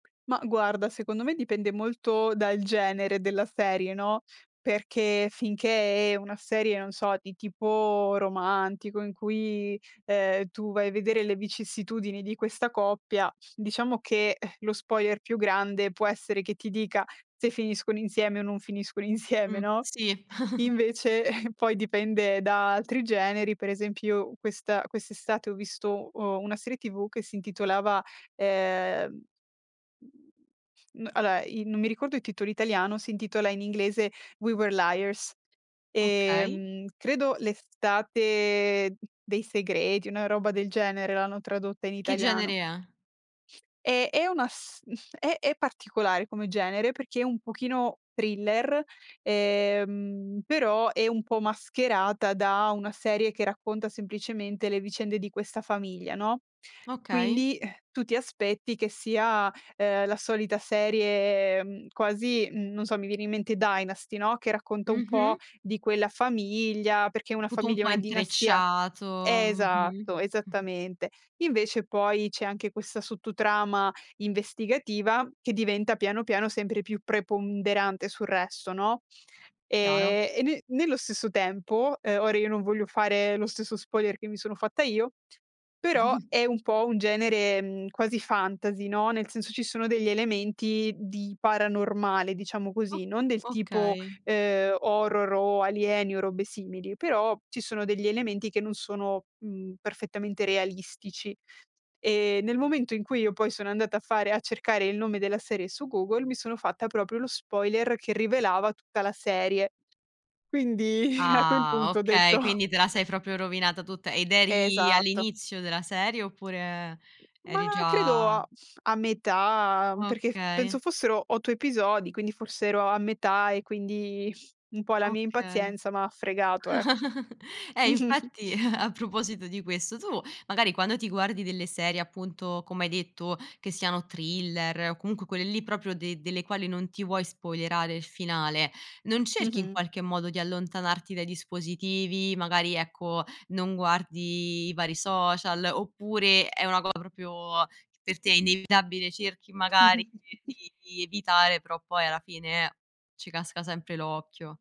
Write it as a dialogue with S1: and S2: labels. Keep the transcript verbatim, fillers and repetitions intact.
S1: Ma guarda, secondo me dipende molto dal genere della serie, no, perché finché è una serie, non so, di tipo romantico in cui, ehm, tu vai a vedere le vicissitudini di questa coppia, diciamo che, lo spoiler più grande può essere che ti dica se finiscono insieme o non finiscono insieme,
S2: Mh.
S1: no?
S2: Sì.
S1: Invece poi dipende da altri generi, per esempio questa quest'estate ho visto o una serie tv che si intitolava, ehm mhmm, alloa, i non mi ricordo il titolo italiano, si intitola in inglese: "We Were Liars".
S2: Okay.
S1: Ehm, credo "L'Estate dei segreti", una roba del genere l'hanno tradotta in
S2: Che genere
S1: italiano.
S2: è?
S1: Eh, è una st è è particolare come genere perché è un pochino thriller, ehm, però è un po' mascherata da una serie che racconta semplicemente le vicende di questa famiglia, no,
S2: Okay.
S1: quindi tu ti aspetti che sia, ehm, la solita serie quasi, non so, mi viene in mente "Dynasty", no, che racconta un po'
S2: Mh-mh.
S1: di quella famiglia, perché una
S2: Put un
S1: famiglia è
S2: po'
S1: una dinastia
S2: intrecciato. Mh-mh.
S1: esatto, esattamente. Invece poi c'è anche questa sotto trama investigativa che diventa piano, piano sempre più preponderante sul resto, no.
S2: Chiaro.
S1: Ehm, e ne nello stesso tempo, ehm, ora io non voglio fare lo stesso spoiler che mi sono fatta io, però è un po' un genere, mhmm, quasi fantasy, no, nel senso ci sono degli elementi di paranormale, diciamo
S2: O
S1: così, non del tipo,
S2: okay.
S1: ehm, horror o alieni o robe simili, però ci sono degli elementi che non sono, mhmm, perfettamente realistici. Ehm, nel momento in cui io poi sono andata a fare a cercare il nome della serie su Google, mi sono fatta proprio lo spoiler che rivelava tutta la serie. Quindi a quel
S2: Ah!
S1: punto ho detto
S2: Okay, quindi te la sei proprio rovinata tutta ed eri
S1: Esatto.
S2: all'inizio della serie, oppure
S1: Ma
S2: eri
S1: credo
S2: già
S1: a a metà, perché penso
S2: Okay.
S1: fossero otto episodi, quindi forse ero a metà e quindi un po' la mia
S2: Okay.
S1: impazienza m'ha fregato, ecco.
S2: Ehm,
S1: Mh-mh-mh.
S2: infatti, a proposito di questo, tu magari quando ti guardi delle serie appunto, come hai detto, che siano thriller o comunque quelle lì proprio de delle quali non ti vuoi spoilerare il finale, non cerchi in
S1: Mh-mh.
S2: qualche modo di allontanarti dai dispositivi? Magari, ecco, non guardi i vari social, oppure è una co proprio per te è inevitabile? Cerchi magari di di evitare, però poi alla fine ci casca sempre l'occhio.